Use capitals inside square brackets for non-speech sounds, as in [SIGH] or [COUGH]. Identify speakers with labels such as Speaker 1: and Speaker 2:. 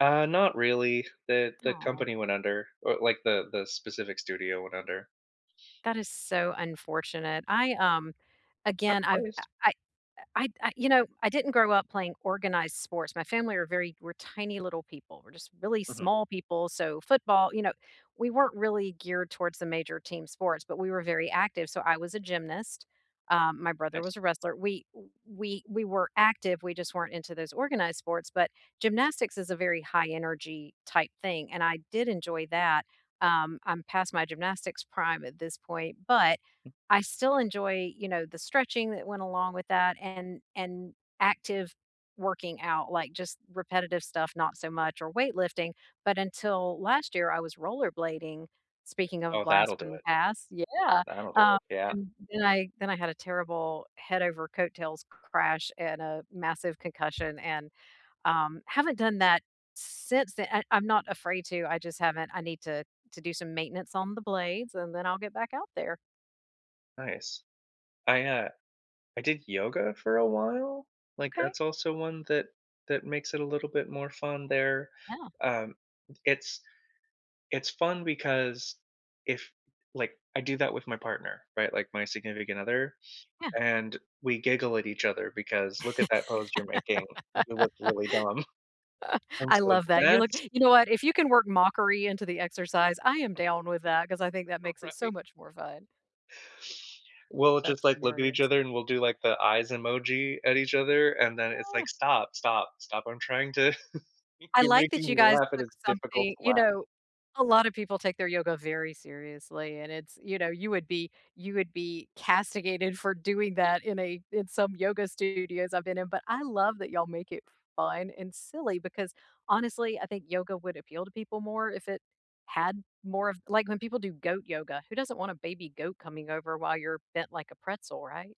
Speaker 1: Uh, not really. The the
Speaker 2: Aw.
Speaker 1: company went under or like, the the specific studio went under.
Speaker 2: That is so unfortunate. I, um,
Speaker 1: Uh,
Speaker 2: again I've I
Speaker 1: honest
Speaker 2: I I I, you know, I didn't grow up playing organized sports. My family are very we're tiny little people, we're just really
Speaker 1: Mhm.
Speaker 2: small people. So football you know, we weren't really geared towards the major team sports, but we were very active. So, I was a gymnast, um, my brother was
Speaker 1: Nice.
Speaker 2: a wrestler We w we we were active, we just weren't into those organized sports, but gymnastics is a very high energy type thing. And I did enjoy that um, I'm past my gymnastics prime at this point, but
Speaker 1: [CHUCKLES]
Speaker 2: I still enjoy, you know, the stretching that went along with that and and active working out, like just repetitive stuff not so much or weight lifting. But until last year, I was rollerblading- speaking of a
Speaker 1: Oh,
Speaker 2: blast
Speaker 1: that'll do
Speaker 2: from the
Speaker 1: it.
Speaker 2: past. Yeah,
Speaker 1: That'll do
Speaker 2: um,
Speaker 1: it. Yeah.
Speaker 2: and then I then I had a terrible head over coattails crash, and a massive concussion, and, um, haven't done that since then and I'm not afraid to I just haven't I need to to do some maintenance on the blades and then I'll get back out there.
Speaker 1: Nice. I, uh I did yoga for a while. Like,
Speaker 2: Okay.
Speaker 1: that's also one that that makes it a little bit more fun there.
Speaker 2: Yeah.
Speaker 1: Um, it's it's fun because if, like I do that with my partner, right? Like, my significant other.
Speaker 2: Yeah.
Speaker 1: And we giggle at each other
Speaker 2: [CHUCKLES]
Speaker 1: because, "Look at that pose you're making, you look really dumb." [CHUCKLES]
Speaker 2: [LAUGHS]
Speaker 1: And
Speaker 2: I
Speaker 1: so
Speaker 2: love that. You look
Speaker 1: that's
Speaker 2: you know what? If you can work mockery into the exercise, I am down with that 'cause I think that
Speaker 1: R
Speaker 2: makes it so
Speaker 1: Right.
Speaker 2: much more fun.
Speaker 1: We'll just,
Speaker 2: That's
Speaker 1: like look at each
Speaker 2: hilarious.
Speaker 1: other, and we'll do like, the eyes emoji at each other, and then it's
Speaker 2: Ah.
Speaker 1: like, "Stop, stop, stop. I'm trying to" [CHUCKLES]
Speaker 2: I
Speaker 1: "You're
Speaker 2: like that
Speaker 1: making
Speaker 2: you
Speaker 1: me
Speaker 2: guys
Speaker 1: laugh, and
Speaker 2: took
Speaker 1: it's difficult
Speaker 2: something
Speaker 1: to
Speaker 2: You
Speaker 1: laugh."
Speaker 2: know, a lotta people take their yoga very seriously, and it's you know, you would be you would be castigated for doing that in a in some yoga studios I've been in but I love that y'all make it fun and silly because, honestly, I think yoga would appeal to people more if it had more of like, when people do goat yoga, who doesn't want a baby goat coming over while you're bent like a pretzel. Right.